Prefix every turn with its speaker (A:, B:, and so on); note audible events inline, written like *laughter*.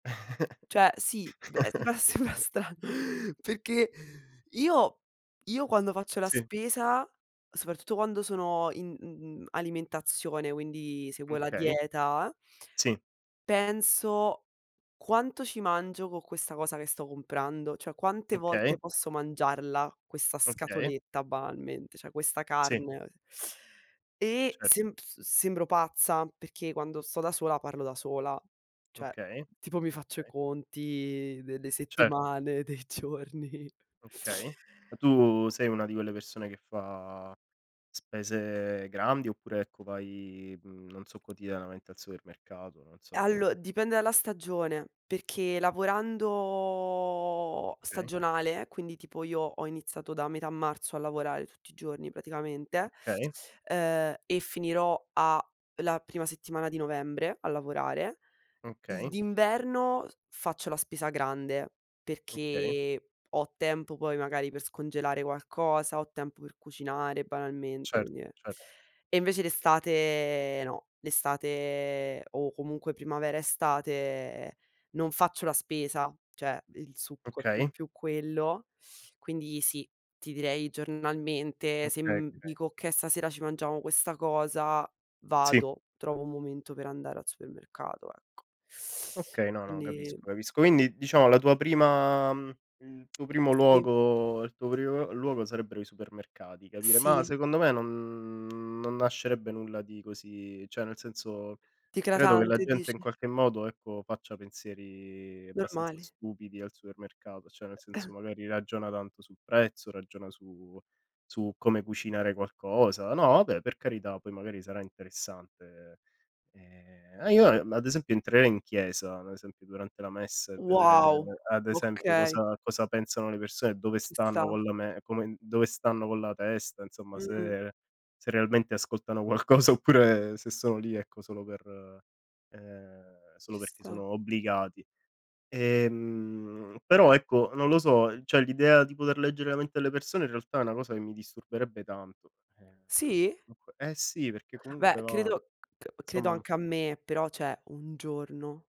A: Cioè sì, beh,
B: *chuckles*
A: seba sembra stra perchè io quando faccio la
B: Sì.
A: spesa, soprattutto quando sono in n n alimentazione, quindi seguo la
B: Okay.
A: dieta, ah ah
B: Sì.
A: penso: "Quanto ci mangio con questa cosa che sto comprando? Cioè quante
B: Okay.
A: volte posso mangiarla questa
B: Okay.
A: scatoletta banalmente, cioè questa
B: Sì.
A: carne?" E
B: Cer
A: semp se sembro pazza perché quando sto da sola parlo da sola, cioè
B: Okay.
A: tipo mi faccio i
B: Okay.
A: conti dei de
B: Certo.
A: settimane, dei giorni.
B: Okay. Ma tu sei una di quelle persone che fa spese grandi oppure, ecco, vai, mhmm, non so quotidianamente al supermercato, non so?
A: Allo dipende dalla stagione, perché lavorando
B: Okay.
A: stagionale, quindi tipo io ho iniziato da metà marzo a lavorare tutti i giorni praticamente,
B: Okay.
A: uhm, e finirò a la prima settimana di novembre, a lavorare. I
B: Okay.
A: d'inverno faccio la spesa grande
B: Okay.
A: perché ho tempo poi magari per scongelare qualcosa, ho tempo per cucinare banalmente
B: Cer
A: quindi
B: cer
A: e invece l'estate no, l'estate, o comunque primavera, estate, non faccio la spesa, cioè il succo è più
B: Okay.
A: più quello. Quindi sì, ti direi giornalmente
B: Okay.
A: se, mhmm,
B: Okay.
A: dico: "Okay stasera ci mangiamo questa cosa",
B: Sì.
A: vado, trovo un momento per andare al supermercato, ecco.
B: Ok, no, no,
A: Quindi
B: capisco capisco. Quindi diciamo la tua prima mhmm, il tuo primo
A: Sì.
B: luogo il tuo primo l luogo sarebbero i supermercati capire ma
A: Sì.
B: secondo me non non nascerebbe nulla di così, cioè nel senso credo che la
A: D'eclatante
B: gente in
A: dici.
B: qualche modo ecco faccia pensieri abbastanza
A: Normali.
B: stupidi al supermercato, cioè nel senso
A: *coughs*
B: magari ragiona tanto sul prezzo, ragiona su su come cucinare qualcosa. No vabbè per carità poi magari sarà interessante, ehm, io ad esempio entrerei in chiesa, ad esempio durante la messa e vedere
A: Wow,
B: ad esempio
A: okay.
B: cosa cosa pensano le persone, dove
A: Ci
B: stanno
A: sta.
B: con la me come dove stanno con la testa, insomma
A: Mh-mh.
B: se se realmente ascoltano qualcosa oppure se sono lì, ecco, solo per ehm, solo
A: Ci
B: perché
A: sta.
B: sono obbligati. Ehm, però ecco, non lo so, cioè l'idea di poter leggere la mente alle persone in realtà è una cosa che mi disturberebbe tanto. Ehm,
A: Sì?
B: perché comunque eh sì, perché
A: Beh,
B: comunque va
A: credo c credo
B: somma
A: anche a me, però cioè, un giorno.